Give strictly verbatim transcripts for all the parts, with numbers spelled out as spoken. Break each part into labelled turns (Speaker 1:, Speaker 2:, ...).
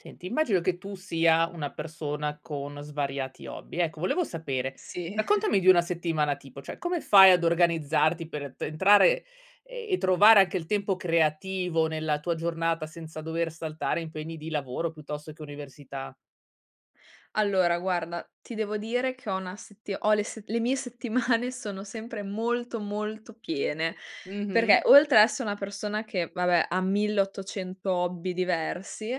Speaker 1: Senti, immagino che tu sia una persona con svariati hobby. Ecco volevo sapere,
Speaker 2: Sì.
Speaker 1: raccontami di una settimana tipo. ceh come fai ad organizzarti per pe entrare e trovare anche il tempo creativo nella tua giornata senza dover saltare impegni di lavoro, piuttosto che università?
Speaker 2: Allora guarda, ti devo dire che ho una setti ho le set le mie settimane sono sempre molto molto piene, perché
Speaker 1: Mh-mh.
Speaker 2: oltre a esso una persona che, vabbè ha mille ottocento hobby diversi,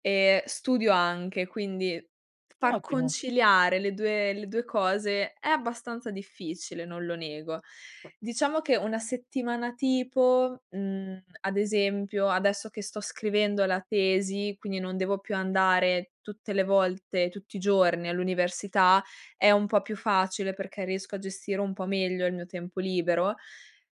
Speaker 2: e studio anche, quindi f far
Speaker 1: Ottimo.
Speaker 2: conciliare le due le due cose è abbastanza difficile, non lo nego. Diciamo che una settimana tipo, mhmm, ad esempio, adesso che sto scrivendo la tesi, quindi non devo più andare tutte le volte, tutti i giorni all'università, è un po' più facile, perché riesco a gestire un po' meglio il mio tempo libero.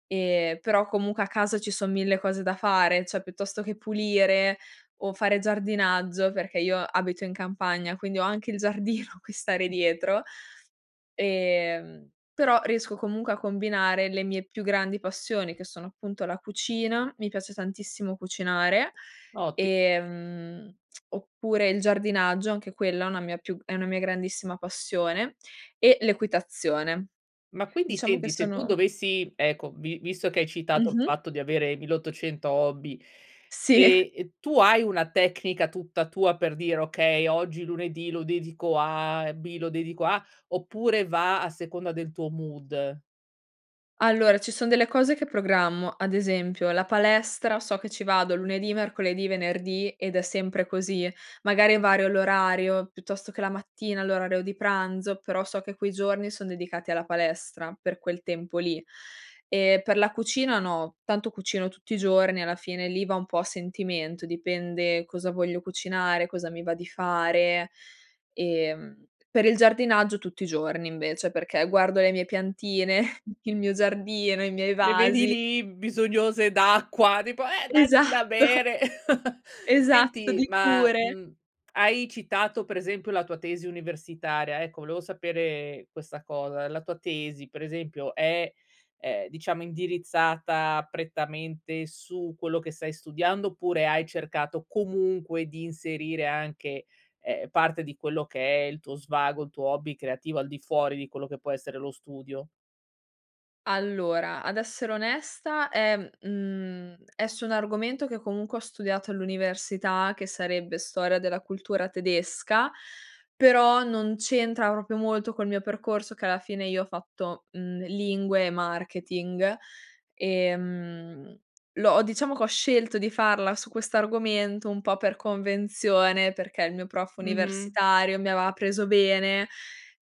Speaker 2: Ehm, però, comunque a casa ci son mille cose da fare. ceh piuttosto che pulire o fare giardinaggio, perché io abito in campagna, quindi ho anche il giardino a cui stare dietro. Ehm, però riesco comunque a combinare le mie più grandi passioni, che sono appunto la cucina, mi piace tantissimo cucinare,
Speaker 1: Otti
Speaker 2: ehm, oppure il giardinaggio anche quella è una mia più è una mia grandissima passione, e l'equitazione.
Speaker 1: Ma quindi
Speaker 2: Diciamo che
Speaker 1: senti, se tu
Speaker 2: sono
Speaker 1: dovessi ecco, vi visto che hai citato il
Speaker 2: Mh-mh.
Speaker 1: fatto di avere milleottocento hobby,
Speaker 2: Sì.
Speaker 1: ehm ehm, tu hai una tecnica tutta tua per dire: "Okay, oggi lunedì lo dedico a A e B lo dedico a" oppure va a seconda del tuo mood?
Speaker 2: Allora, ci son delle cose che programmo: ad esempio la palestra, so che ci vado lunedì, mercoledì, venerdì ed è sempre così. Magari vario l'orario piuttosto che la mattina l'orario di pranzo, però so che quei giorni son dedicati alla palestra per quel tempo lì. Ehm, per la cucina no, tanto cucino tutti i giorni, alla fine lì va un po' a sentimento, dipende cosa voglio cucinare, cosa mi va di fare. Ehm, per il giardinaggio tutti i giorni invece, perché guardo le mie piantine, il mio giardino, i miei
Speaker 1: Le vedi
Speaker 2: vasi.
Speaker 1: lì, bisognose d'acqua, tipo: "Eh, dacci da
Speaker 2: Esatto.
Speaker 1: bere!"
Speaker 2: Esatto,
Speaker 1: Senti
Speaker 2: di
Speaker 1: ma,
Speaker 2: cure.
Speaker 1: mhmm, hai citato per esempio la tua tesi universitaria, ecco volevo sapere questa cosa: la tua tesi per esempio è è diciamo indirizzata prettamente su quello che stai studiando, oppure hai cercato comunque di inserire anche, ehm, parte di quello che è il tuo svago, il tuo hobby creativo al di fuori di quello che può essere lo studio?
Speaker 2: Allora, ad essere onesta è mhmm, è su un argomento che comunque ho studiato all'università che sarebbe storia della cultura tedesca, però non c'entra propio molto col mio percorso, che alla fine io ho fatto, mhmm, lingue e marketing. Ehm, l'ho diciamo che ho scelto di farla su questo argomento un po' per convenzione, perché il mio prof
Speaker 1: Mh-mh.
Speaker 2: universitario mi aveva preso bene,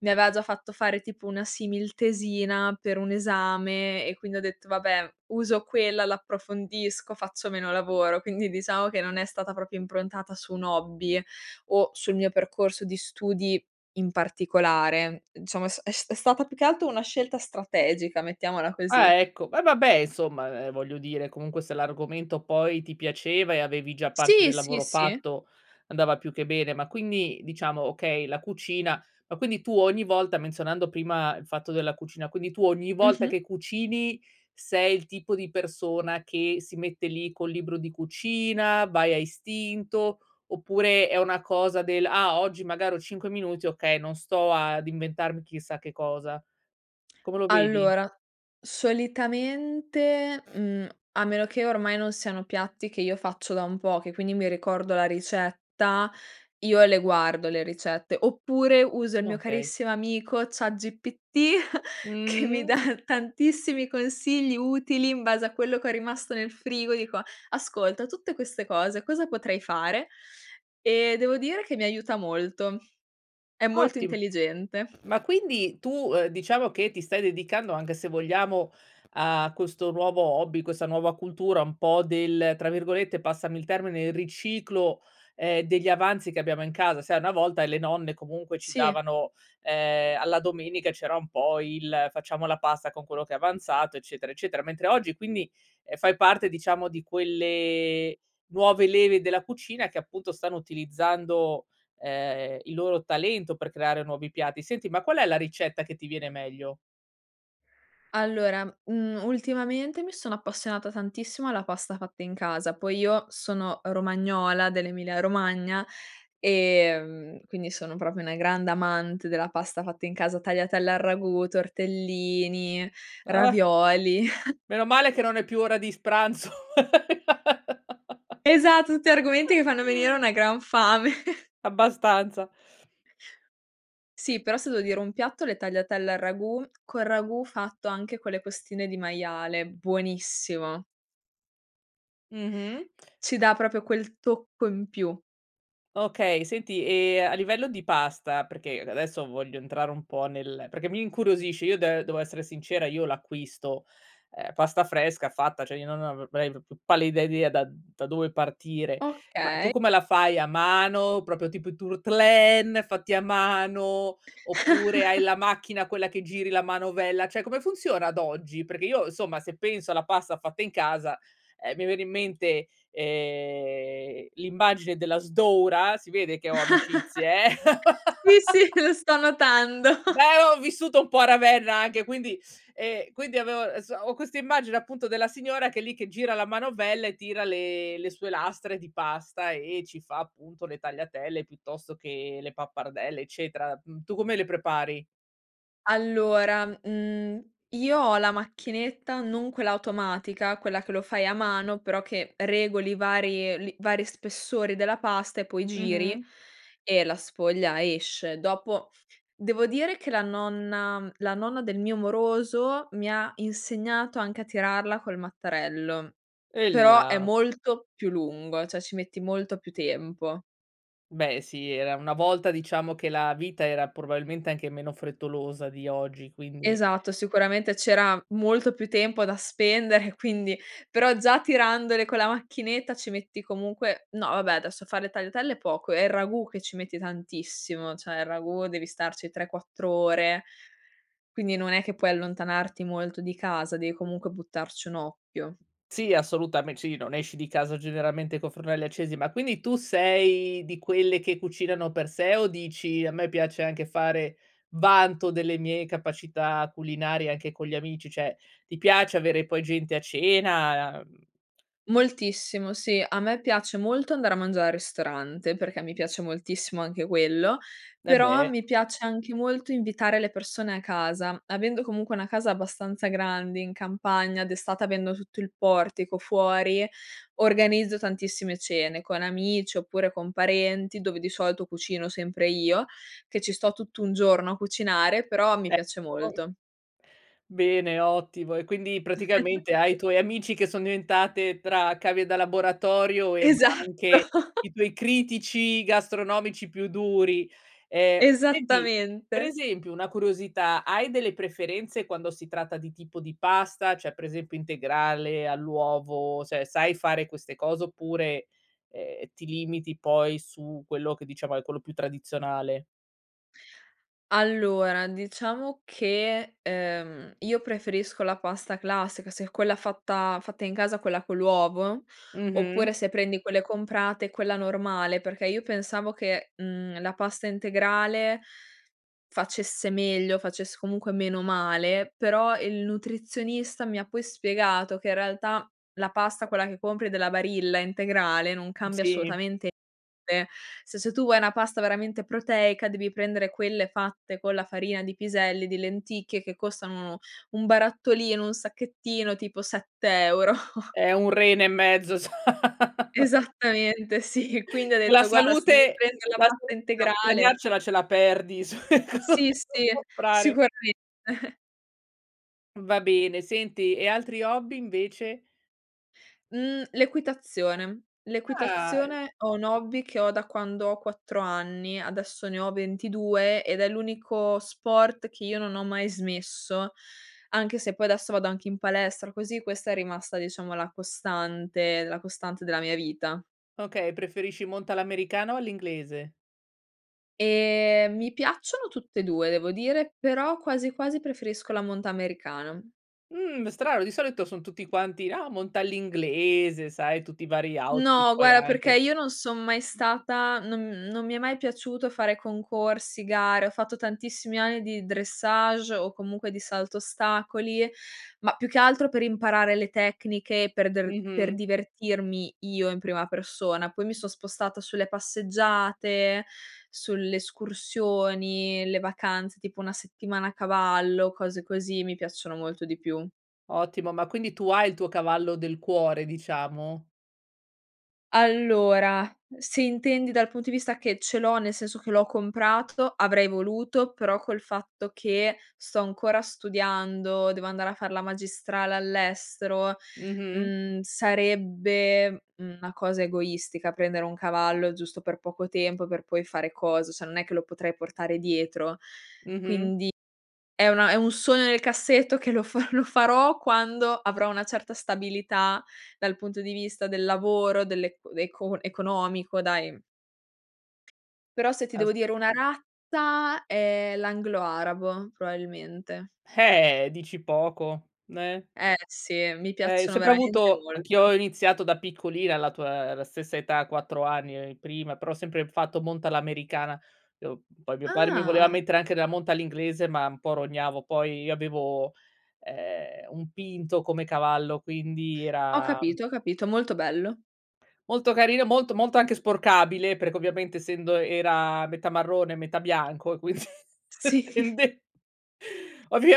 Speaker 2: mi aveva già fatto fare tipo una simil-tesina per un esame e quindi ho detto: "Vabbè, uso quella, l'approfondisco, faccio meno lavoro". Quindi diciamo che non è stata propio improntata su un hobby o sul mio percorso di studi in particolare. Diciamo è s è s è stata più che altro una scelta strategica, mettiamola
Speaker 1: Ah,
Speaker 2: così.
Speaker 1: ecco. Va vabbè insomma, ehm, voglio dire comunque se l'argomento poi ti piaceva e avevi già parte
Speaker 2: Sì,
Speaker 1: del
Speaker 2: sì,
Speaker 1: lavoro
Speaker 2: sì.
Speaker 1: fatto andava più che bene. Ma quindi diciamo, okay la cucina, ma quindi tu ogni volta menzionando prima il fatto della cucina, quindi tu ogni volta
Speaker 2: Mh-mh.
Speaker 1: che cucini, sei il tipo di persona che si mette lì col libro di cucina, vai a istinto, oppure è una cosa del: "Ah, oggi magari ho cinque minuti, okay, non sto ad inventarmi chissà che cosa." Come lo vedi?
Speaker 2: Allora, solitamente, mhmm, a meno che ormai non siano piatti che io faccio da un po', che quindi mi ricordo la ricetta, io le guardo le ricette, oppure uso il mio
Speaker 1: Okay.
Speaker 2: carissimo amico, Chat GPT, che mi dà
Speaker 1: Mh-mh.
Speaker 2: tantissimi consigli utili in base a quello che è rimasto nel frigo, dico: "Ascolta, tutte queste cose, cosa potrei fare?". E devo dire che mi aiuta molto. È molto
Speaker 1: Ottim
Speaker 2: intelligente.
Speaker 1: Ma quindi tu, uhm, diciamo che ti stai dedicando anche, se vogliamo, a questo nuovo hobby, questa nuova cultura un po' del, tra virgolette, passami il termine, il "riciclo", ehm, degli avanzi che abbiamo in casa. Sai una volta le nonne, comunque, ci
Speaker 2: Sì.
Speaker 1: davano ehm, alla domenica c'era un po' il: "Facciamo la pasta con quello che è avanzato" eccetera, eccetera. Mentre oggi quindi, ehm, fai parte diciamo di quelle nuove leve della cucina, che appunto stanno utilizzando, ehm, il loro talento per creare nuovi piatti. Senti ma qual è la ricetta che ti viene meglio?
Speaker 2: Allora, mhmm, ultimamente mi sono appassionata tantissimo alla pasta fatta in casa, poi io sono romagnola, dell'Emilia Romagna, ehm, quindi sono propio una grande amante della pasta fatta in casa, tagliatelle al ragù, tortellini,
Speaker 1: Ah.
Speaker 2: ravioli.
Speaker 1: Meno male che non è più ora di s pranzo.
Speaker 2: Esatto, tutti argomenti che fanno venire una gran fame.
Speaker 1: Abbastanza.
Speaker 2: Sì, però se devo dire un piatto, le tagliatelle al ragù, col ragù fatto anche con le costine di maiale. Buonissimo.
Speaker 1: Mh-mh.
Speaker 2: Ci dà propio quel tocco in più.
Speaker 1: Okay, senti e a livello di pasta, perché adesso voglio entrare un po' nel perché mi incuriosisce io de devo essere sincera, io l'acquisto, ehm, pasta fresca fatta ceh io [unintelligible] pallida idea da da dove partire. Ma tu
Speaker 2: Okay.
Speaker 1: come la fai, a mano propio tipo i turtlén, fatti a mano oppure hai la macchina quella che giri la manovella, ceh come funziona ad oggi? Perché io somma, se penso alla pasta fatta in casa, ehm, mi viene in mente, ehm, l'immagine della sdora, si vede che ho amicizie, eh!
Speaker 2: Qui sì, lo sto notando.
Speaker 1: Beh, ho vissuto un po' a Ravenna anche quindi ehm, quindi avev so ho questa immagine appunto della signora che è lì che gira la manovella e tira le le sue lastre di pasta e ci fa appunto le tagliatelle, piuttosto che le pappardelle eccetera. Uhm, tu come le prepari?
Speaker 2: Allora, mhmm, io ho la macchinetta non quella automatica, quella che lo fai a mano, però che regoli i vari li vari spessori della pasta e poi
Speaker 1: Mh-mh.
Speaker 2: giri e la sfoglia esce. Dopo, devo dire che la nonna la nonna del mio moroso mi ha insegnato anche a tirarla col mattarello, però è
Speaker 1: Ehilà
Speaker 2: molto più lungo ceh ci metti molto più tempo.
Speaker 1: Beh, sì era una volta diciamo che la vita era probabilmente anche meno frettolosa di oggi, quindi
Speaker 2: Esatto. Sicuramente c'era molto più tempo da spendere, quindi però già tirandole con la macchinetta ci metti comunque no vabbè, adesso a fare le tagliatelle è poco, è il ragù che ci metti tantissimo. ceh il ragù devi starci tre, quattro ore quindi non è che puoi allontanarti molto di casa, devi comunque buttarci un occhio.
Speaker 1: Sì, assolutame sì, non esci di casa generalmente con fornelli accesi. Ma quindi tu sei di quelle che cucinano per sé o dici: "A me piace anche fare vanto delle mie capacità culinarie anche con gli amici", ceh ti piace avere poi gente a cena, uhm
Speaker 2: Moltissimo sì, a me piace molto andare a mangiare al ristorante perché mi piace moltissimo anche quello,
Speaker 1: Eh,
Speaker 2: però
Speaker 1: beh.
Speaker 2: mi piace anche molto invitare le persone a casa, avendo comunque una casa abbastanza grande in campagna, d'estate avendo tutto il portico fuori, organizzo tantissime cene con amici oppure con parenti, dove di solito cucino sempre io, che ci sto tutto un giorno a cucinare, però mi piace
Speaker 1: [unintelligible]
Speaker 2: molto.
Speaker 1: Bene, ottimo, e quindi praticamente hai i tuoi amici che son diventate tra cavie da laboratorio, ehm, ma
Speaker 2: Esatto.
Speaker 1: anche i tuoi critici gastronomici più duri. Ehm, senti, per
Speaker 2: Esattamente.
Speaker 1: esempio una curiosità, hai delle preferenze quando si tratta di tipo di pasta? ceh per esempio integrale all'uovo se sai fare queste cose oppure, ehm, ti limiti poi su quello che diciamo è quello più tradizionale?
Speaker 2: Allora, diciamo che, ehm, io preferisco la pasta classica se è quella fatta fatta in casa, quella con l'uovo,
Speaker 1: Mh-mh.
Speaker 2: oppure se prendi quelle comprate, quella normale, perché io pensavo che, mhmm, la pasta integrale facesse meglio, facesse comunque meno male, però il nutrizionista mi ha poi spiegato che in realtà la pasta quella che compri della Barilla integrale non
Speaker 1: Uhm,
Speaker 2: cambia
Speaker 1: sì.
Speaker 2: assolutamente [unintelligible] Se ceh tu vuoi una pasta veramente proteica devi prendere quelle fatte con la farina di piselli, di lenticchie che costano uno no un barattolino, un sacchettino tipo sette euro.
Speaker 1: È un rene e mezzo s
Speaker 2: Esattamente, sì. Quindi ho
Speaker 1: La
Speaker 2: detto guarda se devi
Speaker 1: salute
Speaker 2: prendere la
Speaker 1: la
Speaker 2: pasta
Speaker 1: [unintelligible]
Speaker 2: integrale
Speaker 1: guadagnarcela, ce la perdi [unintelligible]
Speaker 2: Sì, sì,
Speaker 1: prare
Speaker 2: sicuramente.
Speaker 1: Va bene. Senti, e altri hobby invece?
Speaker 2: Mhmm, l'equitazione.
Speaker 1: Ah!
Speaker 2: L'equitazione, ho un hobby che ho da quando ho quattro anni. Adesso ne ho ventidue ed è l'unico sport che io non ho mai smesso, anche se poi adesso vado anche in palestra. Così questa è rimasta diciamo la costante la costante della mia vita.
Speaker 1: Okay, preferisci monta l'americana o all'inglese?
Speaker 2: Ehm, mi piacciono tutte e due, devo dire però quasi, quasi preferisco la monta americana.
Speaker 1: Mhmm strano, di solito son tutti quanti: "Ah, monta all'inglese", sai, tutti i vari outfit
Speaker 2: No,
Speaker 1: poi
Speaker 2: guarda, perché
Speaker 1: anche.
Speaker 2: io non son mai stata, non non mi è mai piaciuto fare concorsi, gare. Ho fatto tantissimi anni di dressage o comunque di salto ostacoli, ma più che altro per imparare le tecniche per der per
Speaker 1: Mh-mh.
Speaker 2: divertirmi io, in prima persona, poi mi son spostata sulle passeggiate, sulle escursioni, le vacanze, tipo una settimana a cavallo, cose così mi piacciono molto di più.
Speaker 1: Ottimo. Ma quindi tu hai il tuo cavallo del cuore diciamo?
Speaker 2: Allora, se intendi dal punto di vista che ce l'ho nel senso che l'ho comprato, avrei voluto, però col fatto che sto ancora studiando, devo andare a far la magistrale all'estero,
Speaker 1: Mh-mh.
Speaker 2: mhmm, sarebbe una cosa egoistica prendere un cavallo giusto per poco tempo, per poi fare cosa ceh non è che lo potrei portare dietro,
Speaker 1: Mh-mh.
Speaker 2: quindi è una è un sogno nel cassetto che lo fa lo farò quando avrò una certa stabilità dal punto di vista del lavoro, delle ec dei col economico dai, uhm Però se ti
Speaker 1: As
Speaker 2: devo dire una razza, è l'anglo arabo probabilmente.
Speaker 1: Eh, dici poco, n eh?
Speaker 2: Eh, sì mi
Speaker 1: Eh, io
Speaker 2: piacciono
Speaker 1: sempre
Speaker 2: veramente
Speaker 1: avuto anch'io
Speaker 2: molto.
Speaker 1: ho iniziato da piccolina alla tua la stessa età quattro anni, prima, però ho sempre fatto monta all'americana, ehm, uhm, poi mio padre mi voleva
Speaker 2: Ah!
Speaker 1: mettere anche della monta all'inglese ma un po' rognavo, poi io avevo, ehm, un pinto come cavallo quindi
Speaker 2: Ho
Speaker 1: era uhm
Speaker 2: capito, ho capito. Molto bello.
Speaker 1: Molto carino, molto molto anche sporcabile, perché ovviamente essendo era metà marrone, metà bianco e quin
Speaker 2: Sì.
Speaker 1: tende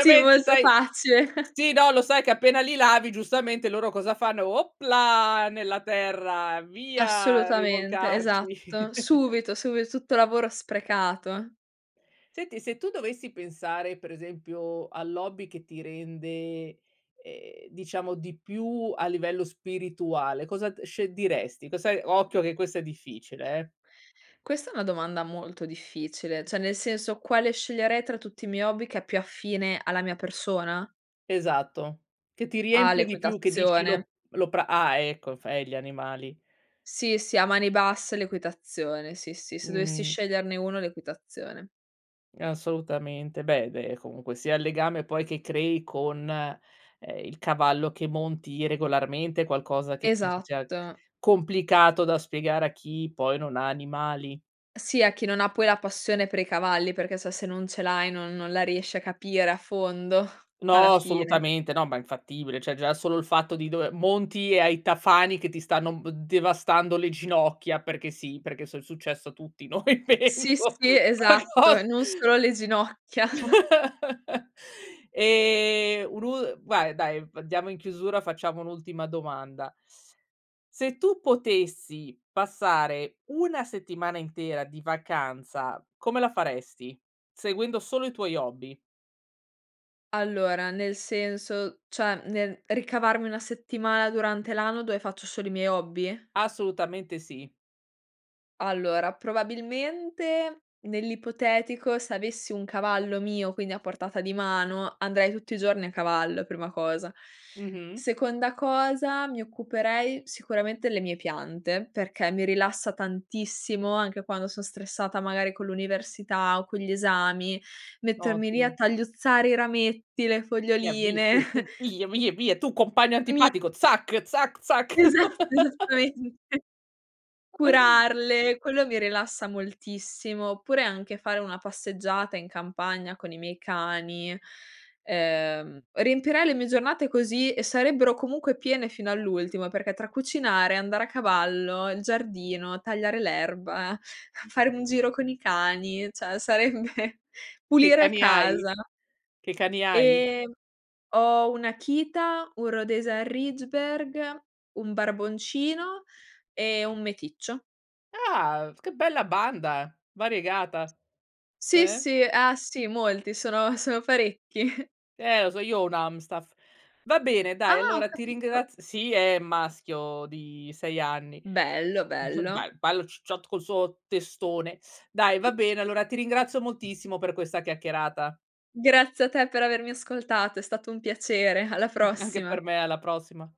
Speaker 2: Sì, molto
Speaker 1: sai
Speaker 2: facile.
Speaker 1: Sì. No. Lo sai che appena li lavi giustamente loro cosa fanno? Oplà, nella terra. Via,
Speaker 2: Assolutamente. Esatto.
Speaker 1: rivoltarci.
Speaker 2: Subito, subito Tutto lavoro sprecato.
Speaker 1: Senti, se tu dovessi pensare per esempio all'hobby che ti rende, ehm, diciamo di più a livello spirituale. Cosa d sce diresti? Cosa occhio che questa è difficile, eh.
Speaker 2: Questa è una domanda molto difficile. ceh nel senso quale sceglierei tra tutti i miei hobby che è più affine alla mia persona?
Speaker 1: Esatto. Che ti
Speaker 2: Ah,
Speaker 1: riempie di più, che dici
Speaker 2: l'equitazione.
Speaker 1: lo lo pra ah, ecco f eh, gli animali.
Speaker 2: Sì, sì. A mani basse l'equitazione. Sì, sì. Se dovessi
Speaker 1: Mh.
Speaker 2: sceglierne uno, l'equitazione.
Speaker 1: Assolutamente. Beh, beh, comunque sia il legame poi che crei con, ehm, il cavallo che monti regolarmente è qualcosa che penso sia
Speaker 2: Esatto.
Speaker 1: complicato da spiegare a chi poi non ha animali.
Speaker 2: Sì a chi non ha poi la passione per i cavalli, perché se se non ce l'hai non non la riesci a capire a fondo alla
Speaker 1: No,
Speaker 2: fine.
Speaker 1: assolutamente. No, ma è infattibile, ceh già solo il fatto di dover monti e hai i tafani che ti stanno b devastando le ginocchia perché sì, perché so è successo a tutti noi
Speaker 2: Sì,
Speaker 1: penso
Speaker 2: sì. Esatto. E non
Speaker 1: [unintelligible]
Speaker 2: solo le ginocchia.
Speaker 1: Ehm, un'ul vai dai, andiamo in chiusura, facciamo un'ultima domanda. Se tu potessi passare una settimana intera di vacanza, come la faresti? Seguendo solo i tuoi hobby.
Speaker 2: Allora, nel senso, cioè nel ricavarmi una settimana durante l'anno dove faccio solo i miei hobby?
Speaker 1: Assolutamente sì.
Speaker 2: Allora, probabilmente nell'ipotetico se avessi un cavallo mio, quindi a portata di mano andrei tutti i giorni a cavallo, prima cosa.
Speaker 1: Mh-mh.
Speaker 2: Seconda cosa, mi occuperei sicuramente le mie piante, perché mi rilassa tantissimo anche quando son stressata magari con l'università o con gli esami, mettermi lì a
Speaker 1: Ottimo.
Speaker 2: tagliuzzare i rametti, le
Speaker 1: Ti
Speaker 2: foglioline.
Speaker 1: abitui ten via, via, via, tu compagno
Speaker 2: Mi
Speaker 1: antipatico zac, zac, zac!
Speaker 2: Esatto, esattamente. Curarle, quello mi rilassa moltissimo, oppure anche fare una passeggiata in campagna con i miei cani. Uhm, riempirei le mie giornate così e sarebbero comunque piene fino all'ultimo perché tra cucinare, andare a cavallo, il giardino, tagliare l'erba, fare un giro con i cani, ceh sarebbe
Speaker 1: Che
Speaker 2: pulire
Speaker 1: cani hai?
Speaker 2: casa.
Speaker 1: Che cani hai?
Speaker 2: Ehm, ho un'Akita, un Rhodese Ridgeberg, un barboncino e un meticcio.
Speaker 1: Ah, v che bella banda, variegata.
Speaker 2: Sì,
Speaker 1: Te.
Speaker 2: sì. Ah, sì, molti sono sono parecchi.
Speaker 1: Eh, lo so, io ho un Amstaff. Va bene
Speaker 2: Ah!
Speaker 1: dai,
Speaker 2: Ho
Speaker 1: allora ti
Speaker 2: capito.
Speaker 1: ringrazi sì, è maschio di sei anni
Speaker 2: Bello,
Speaker 1: [unintelligible]
Speaker 2: bello.
Speaker 1: be bello cicciotto col suo testone. Dai, va bene. Allora ti ringrazio moltissimo per questa chiacchierata.
Speaker 2: Grazie a te per avermi ascoltato, è stato un piacere. Alla
Speaker 1: Anche per
Speaker 2: prossima.
Speaker 1: me, alla prossima.